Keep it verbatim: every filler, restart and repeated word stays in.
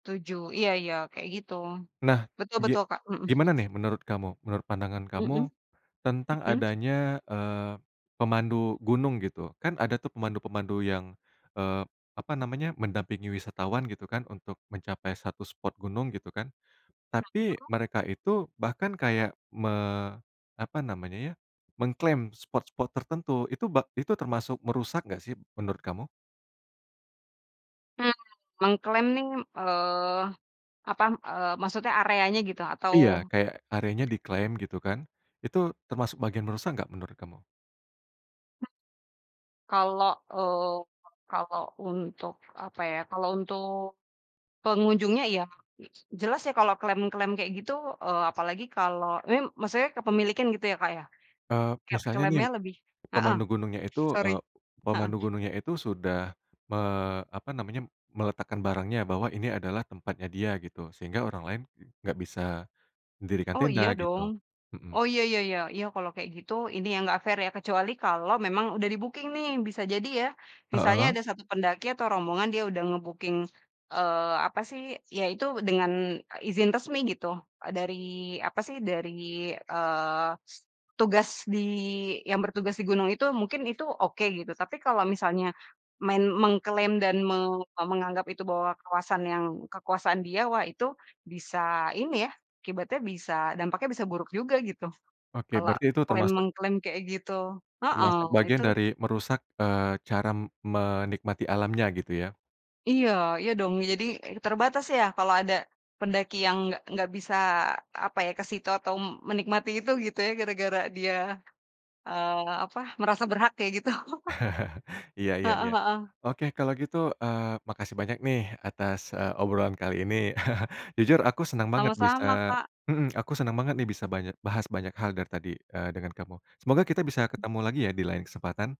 Tujuh. Iya iya. Kayak gitu. Nah, Betul betul, ge Kak mhm. gimana nih, menurut kamu, menurut pandangan Hmm. kamu, tentang Heeh. adanya, eee, pemandu gunung, gitu. Kan ada tuh, pemandu-pemandu yang, eee, apa namanya, mendampingi wisatawan, gitu kan, untuk mencapai satu spot gunung, gitu kan. Tapi, Heeh. mereka itu bahkan kayak, me apa namanya ya, mengklaim spot-spot tertentu. Itu bak itu termasuk merusak enggak sih, menurut kamu? Hmm, mengklaim nih, eee, apa, eee maksudnya areanya gitu, atau Iya. Kayak, areanya [unintelligible] diklaim gitu kan. Itu termasuk bagian merusak enggak, menurut kamu? Hmm. Kalau, eee, kalo untuk, apa ya. Kalau untuk pengunjungnya, iya. Jelas ya kalau klaim-klaim kayak gitu, eee, apalagi kalau mim maksudnya kepemilikan, gitu ya Kak, ya? Eee, kayak misalnya nih, klaimnya lebih heeh. pemandu gunungnya itu, sorry eee, heeh. pemandu gunungnya itu sudah me apa namanya, meletakkan barangnya. Bahwa ini adalah tempatnya dia, gitu. Sehingga orang lain, enggak bisa dirikan Oh, tenda, iya dong. gitu mhm. Oh iya iya iya. Iya, kalau kayak gitu, Ini yang enggak fair ya? Kecuali kalau memang udah di-booking, nih. Bisa jadi ya, misalnya, Heeh. ada satu pendaki atau rombongan dia udah nge-booking, eee, apa sih. Ya, itu dengan, eee, izin resmi gitu. Eee, dari apa sih, dari eee, tugas di yang bertugas di gunung itu, mungkin itu, oke, gitu. Tapi, kalau misalnya, main mengklaim dan me menganggap itu bahwa kawasan yang kekuasaan dia. Wah, itu, bisa ini ya. Akibatnya bisa, dampaknya bisa buruk juga, gitu. Oke. Kalau Berarti itu klaim, termasuk mengklaim kayak gitu heeh, Termasuk bagian itu dari merusak, eee, cara m menikmati alamnya, gitu ya? Iya. Iya dong. Jadi terbatas ya, kalau ada pendaki yang enggak enggak bisa, apa ya, ke situ atau menikmati itu, gitu ya, gara-gara dia, eee, apa, merasa berhak, kayak gitu. Iya iya Heeh, iya. heeh. Oke. Kalau gitu, eee, makasih banyak nih, atas eee, obrolan kali ini. Jujur, aku senang banget bisa Sama-sama, Kak. heeh. Aku senang banget nih, bisa banyak bahas banyak hal dari tadi, eee, dengan kamu. Semoga kita bisa ketemu lagi ya, di lain kesempatan!